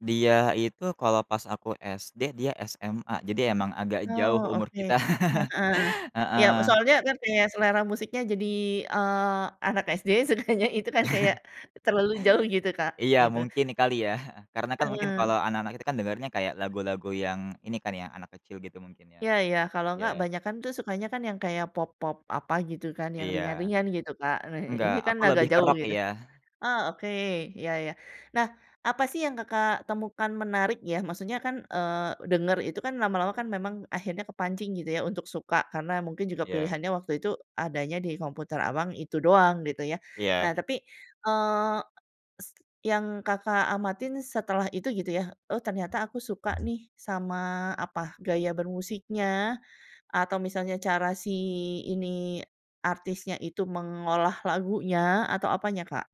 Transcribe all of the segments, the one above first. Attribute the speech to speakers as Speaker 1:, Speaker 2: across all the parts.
Speaker 1: Dia itu kalau pas aku SD, dia SMA. Jadi emang agak
Speaker 2: Oh,
Speaker 1: jauh umur
Speaker 2: oke.
Speaker 1: kita.
Speaker 2: Heeh. Iya,
Speaker 1: Heeh.
Speaker 2: soalnya, kan, kaya selera musiknya jadi, eee, anak SD sukanya itu, kan, kayak terlalu jauh gitu Kak,
Speaker 1: Iya
Speaker 2: gitu.
Speaker 1: mungkin kali, ya, heeh, karena, kan, mungkin
Speaker 2: Hmm.
Speaker 1: kalau anak-anak itu, kan, dengernya kayak lagu-lagu yang, ini, kan, ya, anak kecil gitu mungkin, ya.
Speaker 2: Iya iya, kalau nggak,
Speaker 1: Iya.
Speaker 2: banyakan, tuh, sukanya, kan, yang kayak pop-pop apa gitu, kan, yang
Speaker 1: Iya.
Speaker 2: ringan-ringan gitu Kak, nah
Speaker 1: Enggak,
Speaker 2: ini, kan,
Speaker 1: aku
Speaker 2: agak
Speaker 1: lebih ke
Speaker 2: jauh
Speaker 1: rock,
Speaker 2: gitu.
Speaker 1: ya.
Speaker 2: Oh, oke iya iya. Nah, apa, sih, yang Kakak temukan menarik, ya, maksudnya, kan, eee, denger itu, kan, lama-lama, kan, memang akhirnya kepancing gitu, ya, untuk suka, karena mungkin juga
Speaker 1: Iya.
Speaker 2: pilihannya waktu itu adanya di komputer Abang, itu doang gitu, ya.
Speaker 1: Iya.
Speaker 2: Nah tapi, eee, yang Kakak amatin setelah itu gitu, ya, oh, ternyata aku suka, nih, sama apa, gaya bermusiknya, atau misalnya cara si ini artisnya itu mengolah lagunya? Atau apanya Kak?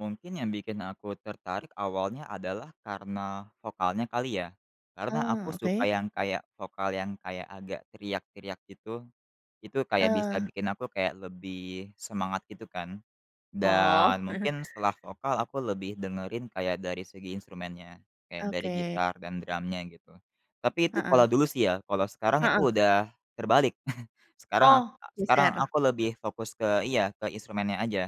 Speaker 1: Mungkin yang bikin aku tertarik awalnya adalah karena vokalnya kali, ya. Karena aku
Speaker 2: Eee,
Speaker 1: suka
Speaker 2: oke.
Speaker 1: yang kayak vokal yang kayak, agak teriak-teriak gitu. Itu kayak
Speaker 2: Eee.
Speaker 1: bisa bikin aku kayak lebih semangat gitu, kan. Dan
Speaker 2: Oh.
Speaker 1: mungkin setelah vokal aku lebih dengerin kayak dari segi instrumennya. Kayak dari
Speaker 2: Oke.
Speaker 1: gitar dan drumnya gitu. Tapi itu
Speaker 2: Heeh.
Speaker 1: kalau dulu, sih, ya. Kalau sekarang itu
Speaker 2: Heeh.
Speaker 1: udah terbalik. Sekarang ak
Speaker 2: Oh,
Speaker 1: sekarang
Speaker 2: geser.
Speaker 1: aku lebih fokus ke iya, ke instrumennya aja.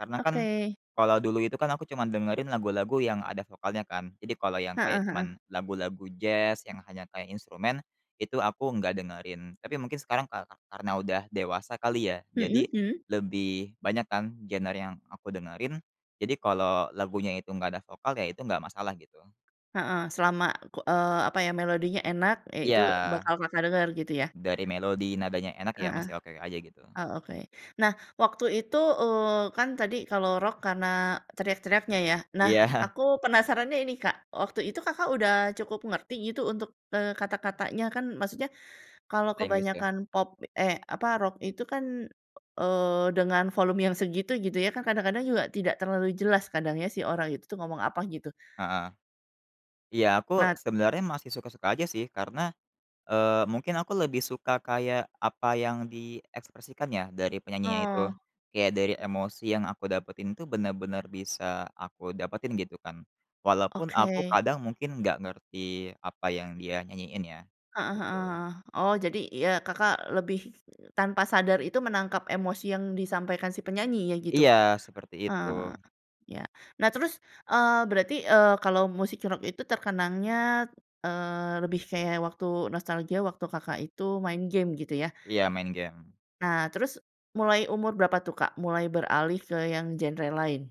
Speaker 1: Karena, kan,
Speaker 2: Oke.
Speaker 1: kalau dulu itu, kan, aku cuman dengerin lagu-lagu yang ada vokalnya, kan. Jadi kalau yang kayak
Speaker 2: Heeh heeh.
Speaker 1: cuman lagu-lagu jazz yang hanya kayak instrumen itu aku nggak dengerin. Tapi mungkin sekarang kara karena udah dewasa kali ya, jadi
Speaker 2: Mhm mhm.
Speaker 1: lebih banyak, kan, genre yang aku dengerin, jadi kalau lagunya itu enggak ada vokal, ya, itu enggak masalah gitu.
Speaker 2: Heeh. Selama ku eee, apaya, melodinya enak, ya, itu
Speaker 1: Iya.
Speaker 2: bakal Kakak denger gitu ya?
Speaker 1: Dari melodi, nadanya enak, ya,
Speaker 2: Heeh.
Speaker 1: masih oke aja gitu.
Speaker 2: Oh oke. Nah, waktu itu, eee, kan, tadi kalau rock karena teriak-teriaknya, ya. Nah
Speaker 1: Iya.
Speaker 2: aku penasarannya ini Kak, waktu itu Kakak udah cukup ngerti gitu untuk, eee, kata-katanya? Kan, maksudnya kalau
Speaker 1: Bahasa Inggris kah?
Speaker 2: kebanyakan pop eh, apa, rock itu, kan, eee, dengan volume yang segitu gitu, gitu, ya, kan, kadang-kadang juga tidak terlalu jelas kadang, ya, sih orang itu, tuh, ngomong apa gitu.
Speaker 1: Heeh. Iya aku
Speaker 2: Nah
Speaker 1: sebenarnya masih suka-suka aja, sih, karena, eee, mungkin aku lebih suka kayak apa yang diekspresikan ya dari penyanyinya itu.
Speaker 2: Oh.
Speaker 1: Kayak dari emosi yang aku dapetin itu benar-benar bisa aku dapetin gitu, kan. Walaupun aku
Speaker 2: Oke.
Speaker 1: kadang mungkin nggak ngerti apa yang dia nyanyiin ya,
Speaker 2: Heeh
Speaker 1: gitu.
Speaker 2: heeh, oh, jadi, ya, Kakak lebih tanpa sadar itu menangkap emosi yang disampaikan si penyanyinya gitu?
Speaker 1: Iya seperti itu.
Speaker 2: Ah. Ya. Nah terus, eee, berarti, eee, kalau musik rock itu terkenangnya, eee, lebih kayak waktu nostalgia waktu Kakak itu main game gitu, ya.
Speaker 1: Iya, main game.
Speaker 2: Nah terus mulai umur berapa, tuh, Kak, mulai beralih ke yang genre lain?